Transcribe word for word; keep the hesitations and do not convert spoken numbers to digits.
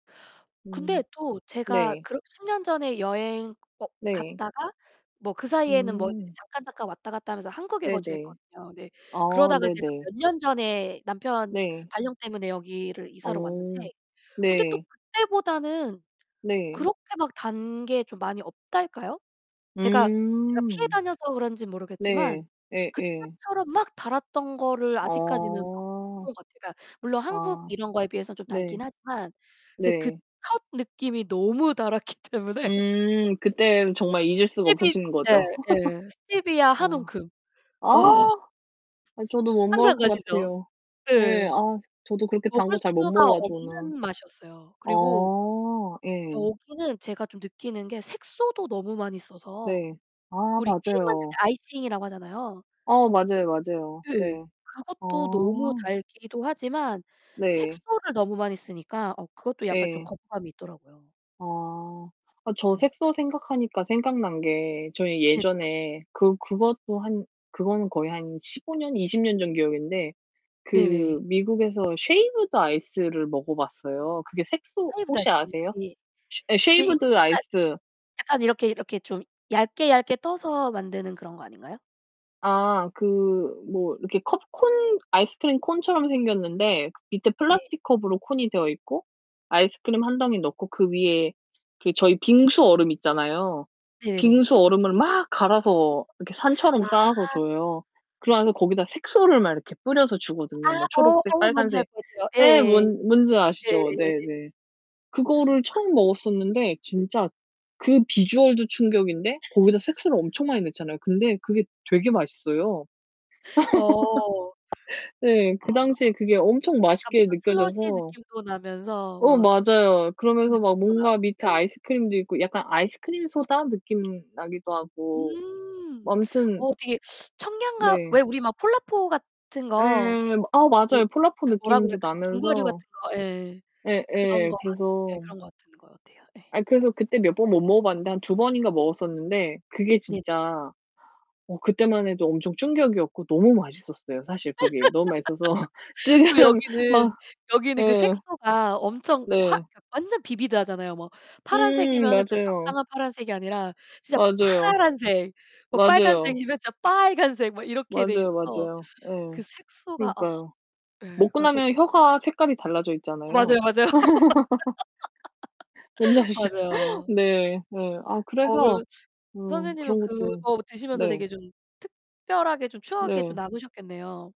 음 근데 또 제가 네. 그러 십 년 전에 여행 어 네. 갔다가 뭐 그 사이에는 뭐 이제 음. 잠깐, 잠깐 왔다갔다 하면서 한국에 네네. 거주했거든요. 근데 아 그러다가 제가 네네. 몇 년 전에 남편 네. 발령 때문에 여기를 이사를 왔는데 어 근데 또 네. 그때보다는 네. 그렇게 막 단 게 좀 많이 없달까요? 제가, 제가 피해 음. 다녀서 그런지 모르겠지만 네. 예예. 그때처럼 막 달았던 거를 아직까지는 못 어. 본 것 같아요. 그니까 물론 한국 아. 이런 거에 비해서 좀 달긴 네. 하지만 이제 그 네. 첫 느낌이 너무 달았기 때문에 음 그때 정말 [unintelligible] 잊을 수가 스테 없으신 거죠? 네 네, 스테비아 한 어 움큼. 아. 와. 아 저도 못 먹을 상상 것 가시죠. 같아요. 예, 네. 아 저도 그렇게 단 먹을 거 잘 못 수가 먹어 가지고 막. 없는 맛이었어요. 그리고 어. 예. 여기는 제가 좀 느끼는 게 색소도 너무 많이 써서 네. 아 그 우리 케이크 만들 때 맞아요. 아이싱이라고 하잖아요. 어 맞아요, 맞아요. 네. 네. 아. 그것도 너무 달기도 하지만 네. 색소를 너무 많이 쓰니까 어 그것도 약간 좀 예. 거부감이 있더라고요. 아 저 음. 색소 생각하니까 생각난 게 저희 네네. 예전에 그 그것도 한 그거는 거의 한 십오 년, 이십 년 전 기억인데 네네. 그 미국에서 쉐이브드 아이스를 먹어봤어요. 그게 색소 쉐이브드 혹시 아이스크림이요? 아세요? 예. 쉐 예 이거 쉐이브드 약간 아이스. 약간 이렇게, 이렇게 좀 얇게, 얇게 떠서 만드는 그런 거 아닌가요? 아 그 뭐 이렇게 컵 콘 아이스크림 콘처럼 생겼는데 밑에 네. 플라스틱 컵으로 콘이 되어있고 아이스크림 한 덩이 넣고 그 위에 그 저희 빙수 얼음 있잖아요. 네네. 빙수 얼음을 막 갈아서 이렇게 산처럼 쌓아서 아. 줘요. 그리고 나서 거기다 색소를 막 이렇게 뿌려서 아 주거든요. 뭐 어 초록색 어 뭔지 알 빨간색. 것 같아요. 네 예예예. 뭔 뭔지 아시죠? 예예예예예. 네네. 그거를 아. 처음 먹었었는데 진짜 그 비주얼도 충격인데 거기다 색소를 엄청 많이 넣잖아요. 근데 그게 되게 맛있어요. 어. 네. 아. 그 당시에 그게 엄청 약간 맛있게 뭔가 슬러시 느껴져서 느낌도 나면서 어 막 맞아요. 그러면서 [unintelligible] 막 느낌도 나고 뭔가 밑에 예. 아이스크림도 있고 약간 아이스크림 소다 느낌 나기도 하고 뭐 음, 아무튼 어 되게 청량감, 네. 왜 우리 막 폴라포 같은 네, 거 아 그 맞아요. 폴라포 그 뭐라 그래, 느낌도 빙과류 나면서. 같은 거, 예, 그런 예예. 거 같 예 그래서 그런 거 같은 것 같아요. 네. 아니 그래서 그때 몇 번 못 먹어 봤는데 한 두 번인가 먹었었는데 그게 네네. 진짜 어 그때만 해도 엄청 충격이었고 너무 맛있었어요. 사실 그게 너무 맛있어서 또 지금 여기는, 막 여기는 그 예. 색소가 엄청 화 네. 완전 비비드 하잖아요. 뭐 음, 파란색이면은 그냥 맞아요. 적당한 파란색이 아니라 진짜 맞아요. 파란색, 뭐 맞아요. 빨간색이면 진짜 빨간색 뭐 이렇게 돼 맞아요, 있어서 맞아요. 예. 그 색소가 어. 그러니까요. 예. 먹고 그니까 저 나면 [unintelligible] 혀가 색깔이 달라져 어, 있잖아요. 맞아요, 맞아요. 뭔지 아시죠? 맞아요. 네, 네. 아 어 그래서 그러면 어 선생님은 그런 것도 그거 드시면서 네. 되게 좀 특별하게 좀 추억에 좀 네. 남으셨겠네요.